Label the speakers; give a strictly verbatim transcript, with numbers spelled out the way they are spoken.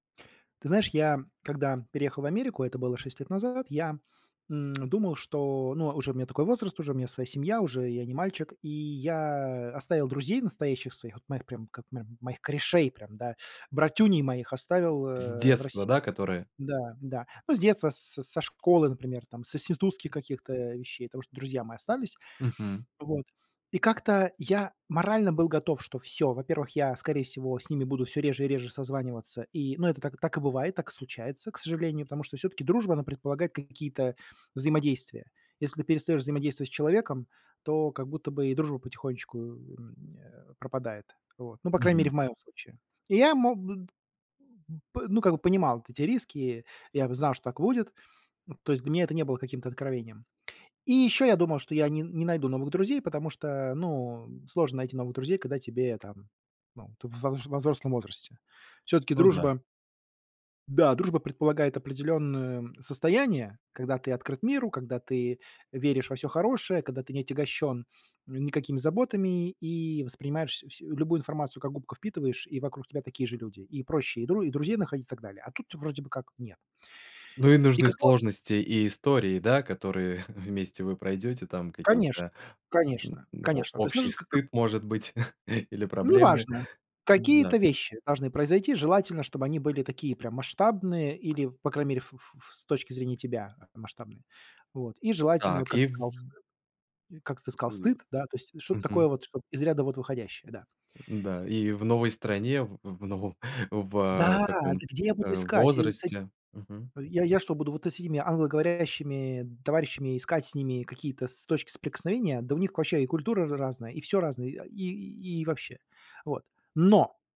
Speaker 1: Ты знаешь, я, когда переехал в Америку, это было шесть лет назад, я, м, думал, что, ну, уже у меня такой возраст, уже у меня своя семья, уже я не мальчик, и я оставил друзей настоящих своих, вот моих прям, к мо моих корешей, прям, да, братюней моих оставил,
Speaker 2: С
Speaker 1: э, в
Speaker 2: детства,
Speaker 1: России.
Speaker 2: да, которые?
Speaker 1: Да-да. Ну, с детства, с со школы, например, там, с институтских каких-то вещей, потому что друзья мои остались
Speaker 2: Мгм.
Speaker 1: вот. И как-то я морально был готов, что всё, во-первых, я, скорее всего, с ними буду всё реже и реже созваниваться. И, ну, это так и так и бывает, так и случается, к сожалению, потому что всё-таки дружба, она предполагает какие-то взаимодействия. Если ты перестаешь взаимодействовать с человеком, то как будто бы и дружба потихонечку, м, э, пропадает. Вот, ну, по крайней мере,
Speaker 2: Мгм.
Speaker 1: в моем случае. И я мог Бып ну, как бы понимал вот эти риски. Я знал, что так и будет. М, то есть для меня это не было каким-то откровением. И еще я думал, что я не не найду новых друзей, потому что, ну, сложно найти новых друзей, когда тебе там, ну, ты во во взрослом возрасте. Всё-таки
Speaker 2: Ну да.
Speaker 1: дружба да, дружба предполагает определенное состояние, когда ты открыт миру, когда ты веришь во всё хорошее, когда ты не отягощен, м, никакими заботами и воспринимаешь вс любую информацию, как губка, впитываешь, и вокруг тебя такие же люди, и проще и дру друзей находить, так далее, а тут вроде бы как нет.
Speaker 2: Ну и
Speaker 1: И
Speaker 2: нужны
Speaker 1: кого же
Speaker 2: сложности и истории, да, которые вместе вы пройдёте, там,
Speaker 1: Конечно,
Speaker 2: какие-то, м,
Speaker 1: конечно,
Speaker 2: о
Speaker 1: конечно, то есть
Speaker 2: общий
Speaker 1: нужен как-то
Speaker 2: стыд, может быть, или проблемы.
Speaker 1: Неважно, какие-то
Speaker 2: Да.
Speaker 1: вещи должны произойти, желательно, чтобы они были такие, прям масштабные или, по крайней мере, ф ф ф с точки зрения тебя масштабные, вот. И желательно, вот
Speaker 2: Так,
Speaker 1: как
Speaker 2: и
Speaker 1: ты
Speaker 2: в
Speaker 1: сказал, с как ты
Speaker 2: У.
Speaker 1: сказал, стыд, да, то есть что-то такое
Speaker 2: Мгм.
Speaker 1: вот, чтоб из ряда вот выходящее, да.
Speaker 2: Да, и в новой стране, в в новом в, э,
Speaker 1: Да!
Speaker 2: таком,
Speaker 1: Да где я буду
Speaker 2: э,
Speaker 1: искать? Я с эт
Speaker 2: возрасте. Мгм.
Speaker 1: Я я что, буду вот с этими англоговорящими товарищами искать с ними какие-то с точки соприкосновения? Да у них вообще и культура ра разная, и всё разное, и, а, и вообще. Вот. Но!